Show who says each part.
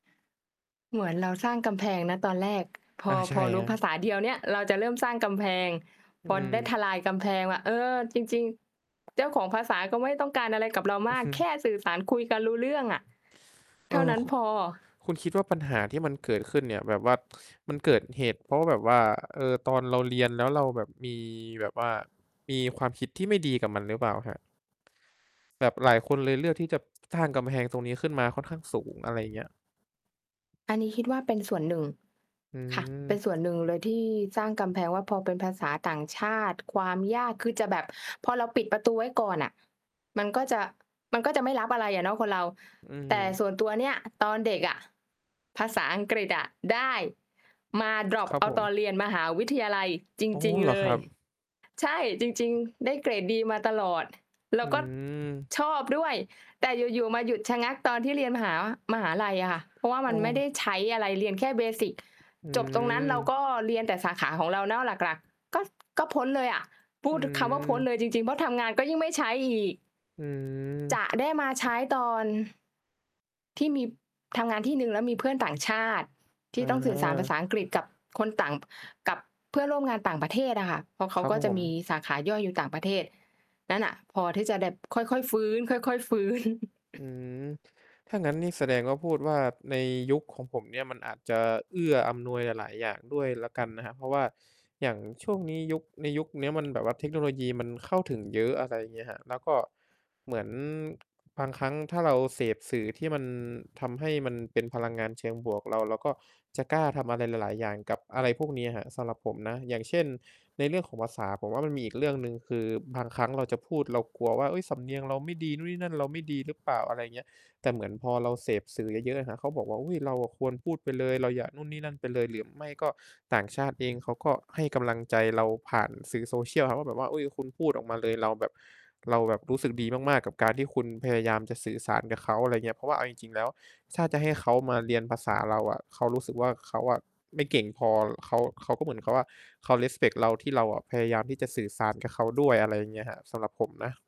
Speaker 1: เหมือนเราสร้างกำแพงนะ ตอนแรก พ
Speaker 2: อา
Speaker 1: อ
Speaker 2: ใช
Speaker 1: พ
Speaker 2: ่
Speaker 1: อรู
Speaker 2: ค
Speaker 1: ้
Speaker 2: รับ
Speaker 1: ภาษาเดียวเนี่ย เราจะเริ่มสร้างกำแพง
Speaker 2: อื
Speaker 1: พอได้ท
Speaker 2: ม
Speaker 1: ลายกำแพงอะ เออ จริง ๆ เจ้าของภาษาก็ไม่ต้องการอะไรกับเรา
Speaker 2: อ
Speaker 1: ม
Speaker 2: ือ
Speaker 1: าก
Speaker 2: ฮึ
Speaker 1: แค่สื่อสารคุยกันรู้เรื่องอะ เ
Speaker 2: เ
Speaker 1: ท
Speaker 2: อ
Speaker 1: ่า
Speaker 2: อ
Speaker 1: นั้น
Speaker 2: คุ
Speaker 1: พอ
Speaker 2: คุณคิดว่า ปัญหาที่มันเกิดขึ้นเนี่ย แบบว่ามันเกิดเหตุเพราะว่าแบบว่า เออ ตอนเราเรียน แล้วเราแบบมี แบบว่ามีความคิดที่ไม่ดีกับมันหรือเปล่าครับ? แบบหลายคนเลยเลือกที่จะสร้างกำแพงตรงนี้ขึ้นมาค่อนข้างสูง อะไรอย่างเงี้ย
Speaker 1: อันนี้คิดว่าเป็นส่วนหนึ่ง
Speaker 2: อื
Speaker 1: ค่ะ เป็นส่วน
Speaker 2: ม
Speaker 1: หนึ่งเลยที่สร้างกำแพงว่า พอเป็นภาษาต่างชาติ ความยาก คือจะแบบพอเราปิดประตูไว้ก่อนอะ มันก็จะ มันก็จะไม่รับอะไรอะเนาะคนเรา
Speaker 2: อื
Speaker 1: แต่
Speaker 2: ม
Speaker 1: ส่วนตัวเนี่ย ตอนเด็กอะภาษาอังกฤษอะได้ มาดร็อป
Speaker 2: ครั
Speaker 1: เ
Speaker 2: บ
Speaker 1: อา
Speaker 2: ผ
Speaker 1: ตอ
Speaker 2: ม
Speaker 1: นเรียนมหาวิทยาลัยจ
Speaker 2: อ๋อ
Speaker 1: ริง
Speaker 2: เหร
Speaker 1: ๆ
Speaker 2: อ
Speaker 1: เล
Speaker 2: ครั
Speaker 1: ย
Speaker 2: บ
Speaker 1: ใช่ จริง ๆ ได้เกรดดีมาตลอด แล
Speaker 2: อ
Speaker 1: ้
Speaker 2: ื
Speaker 1: วก็
Speaker 2: ม
Speaker 1: ชอบด้วย แต่อยู่ ๆ มาหยุดชะงักตอนที่เรียนมหา มหาลัยอะค่ะ เพราะว่า
Speaker 2: โ
Speaker 1: ม
Speaker 2: อ
Speaker 1: ันไม่ได้
Speaker 2: ้
Speaker 1: ใช้อะไร เรียนแค่ เบสิก
Speaker 2: อื
Speaker 1: จบตรงนั้นเรา
Speaker 2: ม
Speaker 1: ก็เรียนแต่สาขาของเราเนาะหลัก ๆ ก็ ส ก็พ้นเลยอะ พู
Speaker 2: อื
Speaker 1: ดคำว่าพ้น
Speaker 2: ม
Speaker 1: เลยจริง ๆ เพราะทำงานก็ยิ่งไม่ใช้อีก
Speaker 2: อื
Speaker 1: จ
Speaker 2: ม
Speaker 1: ะได้มาใช้ตอน ที่มี ทำงานที่หนึ่งแล้วมีเพื่อนต่างชาติที
Speaker 2: อ
Speaker 1: ่ต้องสื่อสารภาษ
Speaker 2: า
Speaker 1: าอังกฤษกับคนต่าง กับเพื่อนร่วมงานต่างประเทศอะค่ะ เพราะเข
Speaker 2: ค
Speaker 1: า
Speaker 2: รับ
Speaker 1: ก็จ
Speaker 2: ผ
Speaker 1: ะม
Speaker 2: ม
Speaker 1: ีสาขาย่อยอยู่ต่างประเทศ นั่นน่ะพอที่จะแบบ ค่อย ๆ ฟื้น ค่อย ๆ ฟื้น
Speaker 2: อืม ถ้างั้นนี่แสดงว่าพูดว่า ในยุคของผมเนี่ยมันอาจจะเอื้ออำนวยหลาย ๆ อย่างด้วยแล้วกันนะครับ เพราะว่าอย่างช่วงนี้ยุค ในยุคเนี้ยมันแบบว่าเทคโนโลยีมันเข้าถึงเยอะ อะไรอย่างเงี้ยครับ แล้วก็เหมือนบางครั้งถ้าเราเสพสื่อที่มันทำให้มันเป็นพลังงานเชิงบวก เรา เราก็จะกล้าทำอะไรหลาย ๆ อย่างกับอะไรพวกนี้อะครับ สำหรับผมนะ อย่างเช่น ในเรื่องของภาษาผมว่า มันมีอีกเรื่องหนึ่งคือ บางครั้งเราจะพูดเรากลัวว่า เฮ้ย สำเนียงเราไม่ดี นู่นนี่นั่นเราไม่ดีหรือเปล่า อะไรอย่างเงี้ย แต่เหมือนพอเราเสพสื่อเยอะ ๆ อะครับ เขาบอกว่า อุ๊ย เราอะควรพูดไปเลย เราอย่านู่นนี่นั่นไปเลย หรือไม่ก็ต่างชาติเองเขาก็ให้กำลังใจเราผ่านสื่อ Social อะครับ ว่าแบบว่า อุ๊ย คุณพูดออกมาเลย เราแบบ เราแบบรู้สึกดีมาก ๆ กับการที่คุณพยายามจะสื่อสารกับเขา อะไรเงี้ย เพราะว่าเอาจริง ๆ แล้ว ถ้าจะให้เขามาเรียนภาษาเราอะ เขารู้สึกว่า เขาอะไม่เก่งพอ เขา เขาก็เหมือนกับว่า เขา respect เราที่เราอะพยายามที่จะสื่อสารกับเขากับด้วย อะไรอย่างเงี้ยครับ สำหรับผมนะ